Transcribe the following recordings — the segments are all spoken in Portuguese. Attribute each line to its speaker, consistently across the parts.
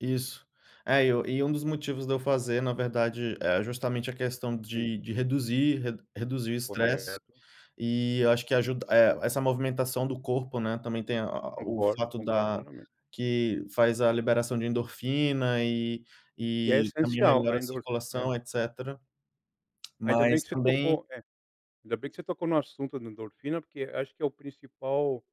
Speaker 1: Isso. É e e um dos motivos de eu fazer na verdade, é justamente a questão
Speaker 2: Sim.
Speaker 1: de de reduzir reduzir o estresse,
Speaker 2: Correto.
Speaker 1: e eu acho que ajuda eh, essa movimentação do corpo, né, também tem a o
Speaker 2: Concordo,
Speaker 1: fato
Speaker 2: concordo
Speaker 1: da
Speaker 2: plenamente.
Speaker 1: que faz a liberação de endorfina e
Speaker 2: Que é
Speaker 1: e também
Speaker 2: essencial a
Speaker 1: melhora a
Speaker 2: endor é.
Speaker 1: circulação etcétera.
Speaker 2: Ainda bem
Speaker 1: Mas
Speaker 2: que você
Speaker 1: também
Speaker 2: tocou é, ainda bem que você tocou no assunto da endorfina, porque acho que é o principal,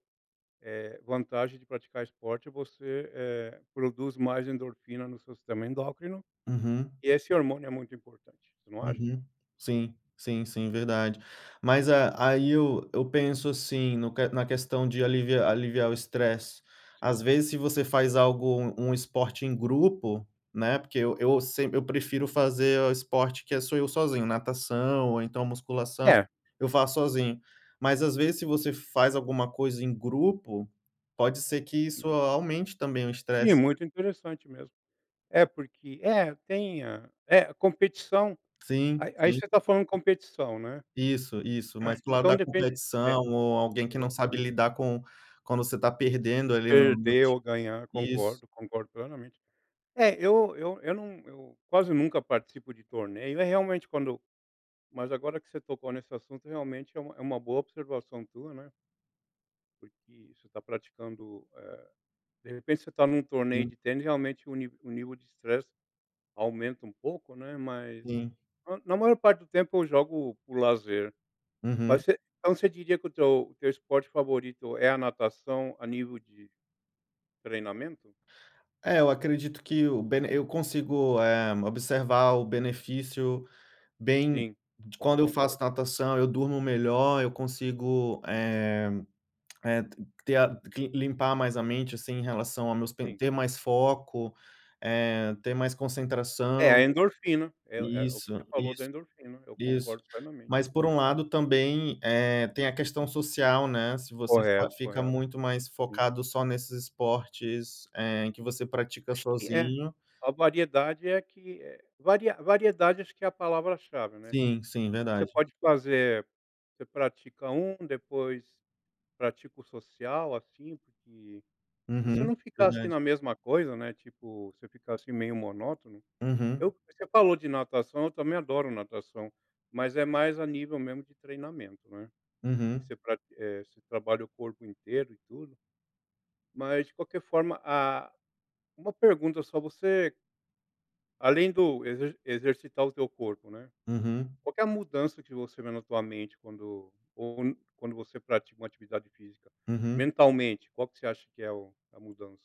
Speaker 2: eh, vantagem de praticar esporte é você, eh, produzir mais endorfina no seu sistema endócrino,
Speaker 1: Uhum.
Speaker 2: e esse hormônio é muito importante, você não acha?
Speaker 1: Uhum, sim, sim, sim verdade. Mas a aí eu eu penso assim no na questão de aliv aliviar o estresse,
Speaker 2: Sim.
Speaker 1: às vezes se você faz algo um esporte em grupo, né, porque eu eu sem eu prefiro fazer o esporte que é sou eu sozinho, natação ou então musculação,
Speaker 2: É.
Speaker 1: eu faço sozinho, mas às vezes se você faz alguma coisa em grupo, pode ser que isso
Speaker 2: Hum.
Speaker 1: aumente também o
Speaker 2: Sim,
Speaker 1: estresse.
Speaker 2: muito interessante mesmo. É porque é, tem a é competição, Aí
Speaker 1: Sim,
Speaker 2: aí
Speaker 1: sim.
Speaker 2: você tá falando competição, né.
Speaker 1: Isso, isso, mas para o lado
Speaker 2: Então
Speaker 1: da
Speaker 2: depende é,
Speaker 1: competição ou alguém que não sabe
Speaker 2: exatamente.
Speaker 1: lidar com quando você tá perdendo ali no
Speaker 2: Perder
Speaker 1: esporte,
Speaker 2: ou ganhar
Speaker 1: isso.
Speaker 2: concordo concordo plenamente. É, eu eu eu não eu quase nunca participo de torneio, é realmente quando mas agora que você tocou nesse assunto, realmente é uma é uma boa observação tua, né porque você tá praticando, eh, de repente você tá em um torneio
Speaker 1: Sim.
Speaker 2: de tênis realmente o ni o nível de estresse aumenta um pouco não é, mas
Speaker 1: Sim.
Speaker 2: na maior parte do tempo eu jogo por lazer. Mas
Speaker 1: Uhum.
Speaker 2: você então você diria que o teu o teu esporte favorito é a natação a nível de treinamento?
Speaker 1: É, eu acredito que o bene eu consigo, eh, observar o benefício bem
Speaker 2: Sim,
Speaker 1: de quando eu faço
Speaker 2: concordo.
Speaker 1: natação eu durmo melhor, eu consigo, eh eh, ter a cle limpar mais a mente, assim, em relação ao meus
Speaker 2: Sim.
Speaker 1: ter mais foco, eh, ter mais
Speaker 2: É
Speaker 1: concentração
Speaker 2: a endorfina, é é o que você
Speaker 1: isso,
Speaker 2: falou da
Speaker 1: isso,
Speaker 2: endorfina, eu
Speaker 1: isso.
Speaker 2: concordo plenamente
Speaker 1: Mas
Speaker 2: também.
Speaker 1: por um lado também, eh, tem a questão social, né, se você
Speaker 2: Correto
Speaker 1: fica
Speaker 2: correto.
Speaker 1: muito mais
Speaker 2: Sim.
Speaker 1: focado só nesses esportes, eh, em que você pratica
Speaker 2: Acho que é
Speaker 1: sozinho
Speaker 2: a variedade é que, eh, vari variedade acho que é a palavra-chave, né.
Speaker 1: Sim, sim
Speaker 2: Você
Speaker 1: verdade.
Speaker 2: pode fazer você pratica um, depois pratica o social, assim, porque pra você
Speaker 1: Uhum,
Speaker 2: não ficar assim
Speaker 1: verdade.
Speaker 2: na mesma coisa, né, tipo, você ficar assim meio monótono.
Speaker 1: Uhum.
Speaker 2: Eu você falou de natação eu também adoro natação, mas é mais a nível mesmo de treinamento, né.
Speaker 1: Uhum.
Speaker 2: Você pra eh, você trabalha o corpo inteiro e tudo, mas de qualquer forma a uma pergunta só você além do exer exercitar o teu corpo, né.
Speaker 1: Uhum.
Speaker 2: Qual que é a mudança que você vê na tua mente quando ou quando você pratica uma atividade física,
Speaker 1: Uhum.
Speaker 2: mentalmente, qual que você acha que é o a mudança?